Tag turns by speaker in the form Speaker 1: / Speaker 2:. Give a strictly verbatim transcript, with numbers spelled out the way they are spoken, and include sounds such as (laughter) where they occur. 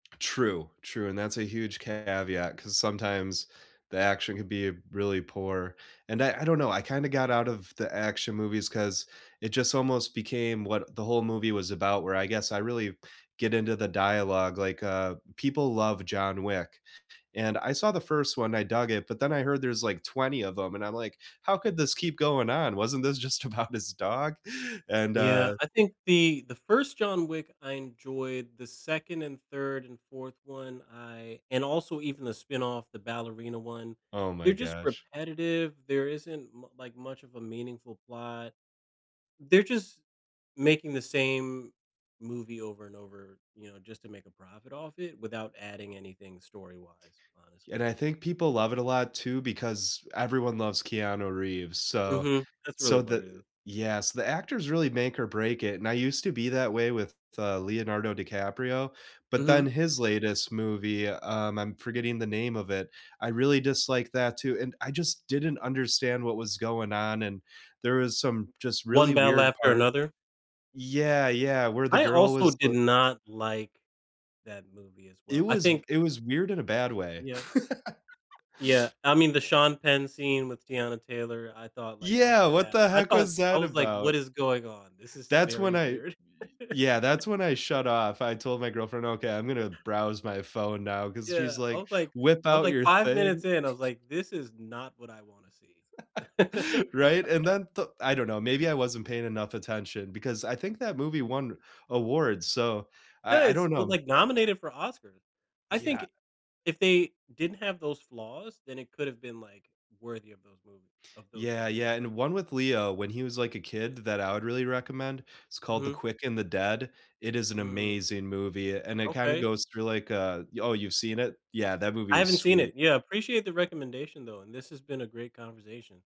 Speaker 1: True, true, and that's a huge caveat 'cause sometimes the action could be really poor. And I I don't know, I kinda got out of the action movies 'cause it just almost became what the whole movie was about where I guess I really get into the dialogue, like, uh, people love John Wick. And I saw the first one, I dug it, but then I heard there's like twenty of 'em and I'm like, "How could this keep going on? Wasn't this just about his dog?" And,
Speaker 2: Yeah,
Speaker 1: uh
Speaker 2: I think the the first John Wick, I enjoyed. The second and third and fourth one, I and also even the spinoff, the Ballerina one,
Speaker 1: Oh my
Speaker 2: they're just
Speaker 1: gosh.
Speaker 2: repetitive, there isn't mu like much of a meaningful plot. They're just making the same movie over and over, you know, just to make a profit off it without adding anything story-wise,
Speaker 1: And
Speaker 2: honestly.
Speaker 1: I think people love it a lot, too, because everyone loves Keanu Reeves. So
Speaker 2: Mhm. That's really
Speaker 1: so
Speaker 2: what
Speaker 1: the
Speaker 2: it is.
Speaker 1: yeah, so, the actors really make or break it, and I used to be that way with, uh, Leonardo DiCaprio, but
Speaker 2: Mhm.
Speaker 1: then his latest movie, um, I'm forgetting the name of it, I really disliked that, too. And I just didn't understand what was going on and there was some just really
Speaker 2: One Battle
Speaker 1: weird
Speaker 2: After
Speaker 1: part
Speaker 2: Another?
Speaker 1: yeah, yeah. Where the
Speaker 2: I
Speaker 1: girl
Speaker 2: also
Speaker 1: was
Speaker 2: did
Speaker 1: th
Speaker 2: not like that movie, as
Speaker 1: It
Speaker 2: well. I
Speaker 1: was
Speaker 2: think
Speaker 1: it was weird in a bad way.
Speaker 2: Yeah.
Speaker 1: (laughs)
Speaker 2: Yeah. I mean, the Sean Penn scene with Teyana Taylor, I thought, like, off
Speaker 1: Yeah!
Speaker 2: the
Speaker 1: What
Speaker 2: bat.
Speaker 1: the
Speaker 2: I
Speaker 1: heck
Speaker 2: thought
Speaker 1: was
Speaker 2: I
Speaker 1: that
Speaker 2: was like, "What
Speaker 1: about?
Speaker 2: is going on? This is
Speaker 1: That's
Speaker 2: very
Speaker 1: when I y
Speaker 2: weird."
Speaker 1: yeah.
Speaker 2: (chuckles)
Speaker 1: That's when I shut off, I told my girlfriend, "Okay, I'm gonna browse my phone now," 'cause she's
Speaker 2: Yeah. I
Speaker 1: like,
Speaker 2: was like
Speaker 1: "Whip
Speaker 2: I was
Speaker 1: out
Speaker 2: like
Speaker 1: your
Speaker 2: five
Speaker 1: thing."
Speaker 2: minutes in I was
Speaker 1: (chuckles)
Speaker 2: like, "This is not what I wanna see." (laughs)
Speaker 1: (laughs) Right? And then the I don't know, maybe I wasn't paying enough attention because I think that movie won awards. So,
Speaker 2: No,
Speaker 1: I I
Speaker 2: it's,
Speaker 1: don't
Speaker 2: well,
Speaker 1: know.
Speaker 2: like, nominated for Oscars. I
Speaker 1: Yeah.
Speaker 2: think, if they didn't have those flaws, then it could've been, like, worthy of those movie of those
Speaker 1: Yeah, yeah.
Speaker 2: awards.
Speaker 1: And one with Leo when he was, like, a kid th that I would really recommend, it's called The
Speaker 2: Mhm.
Speaker 1: Quick and the Dead. It is an
Speaker 2: Mm.
Speaker 1: amazing movie a and it kinda
Speaker 2: Okay.
Speaker 1: goes through like, uh y oh, you've seen it? Yeah, that movie
Speaker 2: I
Speaker 1: is
Speaker 2: haven't seen
Speaker 1: sweet.
Speaker 2: it. Yeah, appreciate the recommendation, though, and this has been a great conversation.